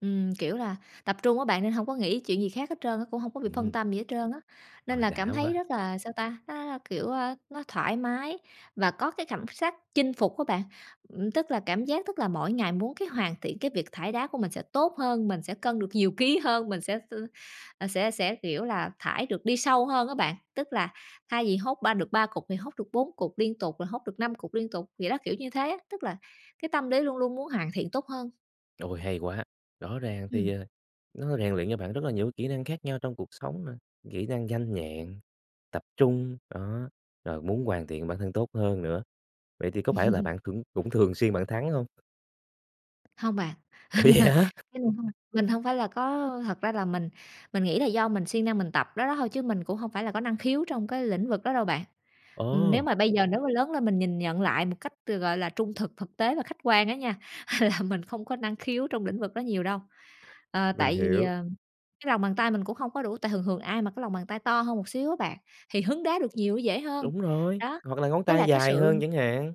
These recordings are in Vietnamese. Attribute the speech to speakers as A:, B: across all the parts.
A: Ừm, kiểu là, tập trung á bạn nên hông có nghĩ chuyện gì khác hết trơn á, cũng hông có bị phân
B: Ừm.
A: tâm gì hết trơn á. Nên
B: Ôi
A: là
B: đã
A: cảm thấy
B: quá.
A: rất là sao ta, nó là, kiểu, a, nó thoải mái và có cái cảm sắc chinh phục á bạn. Ừm, tức là cảm giác tức là mỗi ngày muốn cái hoàn thiện cái việc thải đá của mình sẽ tốt hơn, mình sẽ cân được nhiều ký hơn, mình sẽ s ờ, sẽ sẽ, kiểu là, thải được đi sâu hơn á bạn. Tức là thay vì hốt 3 được 3 cục thì hốt được 4 cục liên tục, rồi hốt được 5 cục liên tục, vậy đó, kiểu như thế á. Tức là cái tâm lý luôn luôn muốn hoàn thiện tốt hơn.
B: Ôi hay quá. Rõ ràng thì,
A: Ừm.
B: ờ, nó rèn luyện cho bạn rất là nhiều kỹ năng khác nhau trong cuộc sống nè, kỹ năng nhanh nhẹn, tập trung. Đó, rồi muốn hoàn thiện bản thân tốt hơn nữa. Vậy thì có phải là bạn cũng cũng thường xuyên bạn thắng hông?
A: Hông bạn.
B: Ủa vậy hả?
A: [unintelligible] Mình hông phải là có thật ra là mình mình nghĩ là do mình siêng năng mình tập đó đó thôi chứ mình cũng hông phải là có năng khiếu trong cái lĩnh vực đó đâu bạn. Ừm, nếu
B: Ờ!
A: mà bây giờ nếu mà lớn lên mình nhìn nhận lại một cách từ, gọi là, trung thực, thực tế và khách quan á nha, mình không có năng khiếu trong lĩnh vực đó nhiều đâu. Ờ,
B: Mình
A: tại vì,
B: hiểu.
A: ờ, cái lòng bàn tay mình cũng hông có đủ, tại thường thường ai mà cái lòng bàn tay to hơn một xíu á bạn, thì hứng đá được nhiều dễ hơn.
B: Đúng rồi,
A: Đó,
B: hoặc là ngón
A: nó là
B: tay
A: cái
B: dài hơn
A: sự
B: chẳng hạn.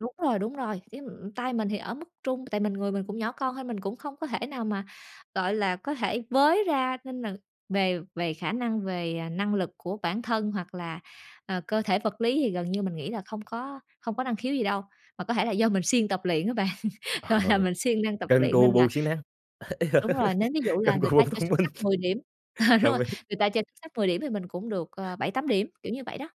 A: Đúng rồi, đúng rồi, cái, ừm, tay mình thì ở mức trung. Tại mình người mình cũng nhỏ con thôi mình cũng không có thể nào mà, gọi là, có thể với ra nên là về về khả năng về, à, năng lực của bản thân hoặc là, ờ, cơ thể vật lý thì gần như mình nghĩ là không có không có năng khiếu gì đâu. Mà có thể là do mình siêng tập luyện á bạn, gọi là,
B: Ờ,
A: mình siêng năng tập
B: cần
A: luyện
B: cù
A: nên là
B: bù siêng năng, ê,
A: đúng rồi. Nếu ví dụ là
B: cần cù
A: người
B: bù
A: ta chơi
B: thông
A: xúc
B: minh.
A: xắc 10 điểm ờ, đúng
B: Đồng
A: rồi,
B: ý.
A: người ta chơi xúc sắc 10 điểm thì mình cũng được ờ 7-8 điểm, kiểu như vậy đó.